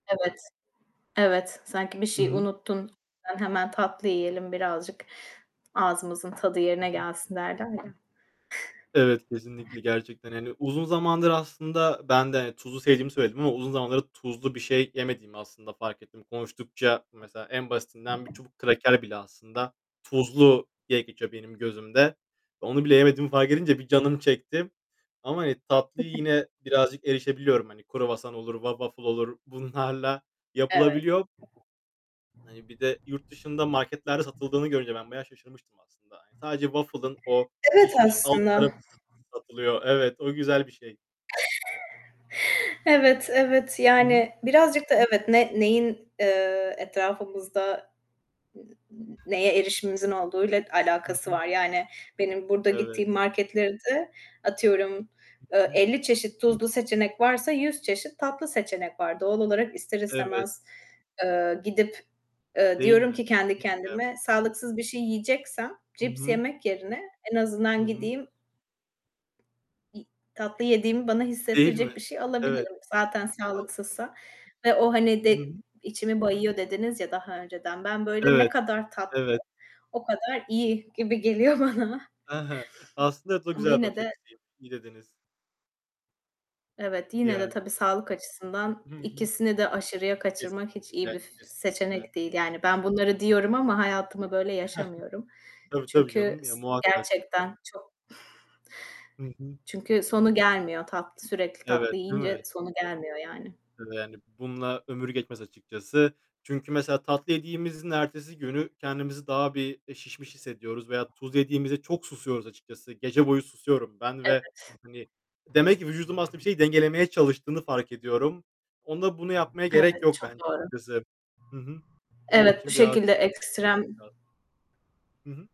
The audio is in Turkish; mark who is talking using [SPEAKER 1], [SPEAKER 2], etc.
[SPEAKER 1] Evet, evet. Sanki bir şeyi
[SPEAKER 2] Hıı.
[SPEAKER 1] unuttun, ben hemen tatlı yiyelim birazcık, ağzımızın tadı
[SPEAKER 2] Hı
[SPEAKER 1] yerine
[SPEAKER 2] hı.
[SPEAKER 1] gelsin [unintelligible]
[SPEAKER 2] Evet, kesinlikle gerçekten. Hani, uzun zamandır aslında ben de tuzlu sevdiğimi söyledim ama uzun zamandır tuzlu bir şey yemediğimi aslında fark ettim. Konuştukça mesela en basitinden bir çubuk kraker bile aslında tuzlu diye geçiyor benim gözümde. Onu bile yemediğimi fark edince bir canım çekti ama, hani, tatlıyı yine birazcık erişebiliyorum. Hani, kruvasan olur wa waffle olur, bunlarla
[SPEAKER 1] Evet.
[SPEAKER 2] yapılabiliyor. Hani, bir de yurt dışında marketlerde satıldığını görünce ben bayağı şaşırmıştım aslında. Hani, sadece waffle'ın o
[SPEAKER 1] Evet
[SPEAKER 2] pişmiş alt
[SPEAKER 1] aslında.
[SPEAKER 2] tarafı s satılıyor. Evet. O güzel bir şey.
[SPEAKER 1] Evet, evet
[SPEAKER 2] Hı hı.
[SPEAKER 1] yani birazcık da evet, ne neyin, eee, etrafımızda n n neye erişimimizin olduğuyla
[SPEAKER 2] Hı
[SPEAKER 1] alakası
[SPEAKER 2] hı.
[SPEAKER 1] var, yani, benim burada
[SPEAKER 2] Evet.
[SPEAKER 1] gittiğim marketlerde atıyorum,
[SPEAKER 2] Hı
[SPEAKER 1] eee,
[SPEAKER 2] hı.
[SPEAKER 1] 50 çeşit tuzlu seçenek varsa 100 çeşit tatlı seçenek var. Doğal olarak ister
[SPEAKER 2] Evet.
[SPEAKER 1] istemez, eee, gidip, eee,
[SPEAKER 2] Değil
[SPEAKER 1] diyorum
[SPEAKER 2] mi?
[SPEAKER 1] ki kendi
[SPEAKER 2] Kesinlikle yap
[SPEAKER 1] kendime, sağlıksız bir şey yiyeceksem
[SPEAKER 2] I
[SPEAKER 1] cips
[SPEAKER 2] hı.
[SPEAKER 1] yemek yerine en
[SPEAKER 2] Hı
[SPEAKER 1] azından
[SPEAKER 2] hı.
[SPEAKER 1] gideyim İ tatlı yediğimi bana
[SPEAKER 2] Değil mi?
[SPEAKER 1] hissettirecek bir şey
[SPEAKER 2] Evet.
[SPEAKER 1] alabilirim. Zaten
[SPEAKER 2] A
[SPEAKER 1] sağlıksızsa ve o, hani,
[SPEAKER 2] Hı hı.
[SPEAKER 1] de içimi bayıyor dediniz, ya, daha önceden, ben böyle ne
[SPEAKER 2] Evet.
[SPEAKER 1] kadar tatlı,
[SPEAKER 2] Evet.
[SPEAKER 1] o kadar iyi gibi geliyor bana
[SPEAKER 2] E he. Aslında evet o
[SPEAKER 1] Ama
[SPEAKER 2] güzel
[SPEAKER 1] yine
[SPEAKER 2] bakış
[SPEAKER 1] de
[SPEAKER 2] açısı i iyi dediniz.
[SPEAKER 1] Evet, yine de
[SPEAKER 2] Yani.
[SPEAKER 1] tabii sağlık açısından,
[SPEAKER 2] Hı hı.
[SPEAKER 1] ikisini de aşırıya kaçırmak hiç iyi
[SPEAKER 2] Kesinlikle
[SPEAKER 1] bir f
[SPEAKER 2] kesinlikle.
[SPEAKER 1] seçenek değil, yani, ben bunları diyorum ama
[SPEAKER 2] [unintelligible]
[SPEAKER 1] hayatımı böyle yaşamıyorum.
[SPEAKER 2] Tabii tabii
[SPEAKER 1] Çünkü
[SPEAKER 2] canım, ya,
[SPEAKER 1] s
[SPEAKER 2] muhakkak.
[SPEAKER 1] gerçekten çok
[SPEAKER 2] Hı hı.
[SPEAKER 1] çünkü sonu gelmiyor. Tatlı, sürekli
[SPEAKER 2] Evet,
[SPEAKER 1] tatlı
[SPEAKER 2] değil
[SPEAKER 1] yiyince
[SPEAKER 2] mi?
[SPEAKER 1] sonu gelmiyor yani.
[SPEAKER 2] [unintelligible] Yani, bununla ömür geçmez açıkçası. Çünkü mesela tatlı yediğimizin ertesi günü, kendimizi daha bir, eee, şişmiş hissediyoruz veya tuz yediğimizde çok susuyoruz açıkçası. Gece boyu susuyorum ben ve,
[SPEAKER 1] Evet.
[SPEAKER 2] hani, demek ki vücudum aslında bir şeyi dengelemeye çalıştığını fark ediyorum. Onda bunu yapmaya gerek
[SPEAKER 1] Evet,
[SPEAKER 2] yok
[SPEAKER 1] çok
[SPEAKER 2] bence
[SPEAKER 1] doğru.
[SPEAKER 2] açıkçası. Hı hı. Onun
[SPEAKER 1] Evet, bu
[SPEAKER 2] için biraz.
[SPEAKER 1] şekilde ekstrem
[SPEAKER 2] [unintelligible] Hı hı.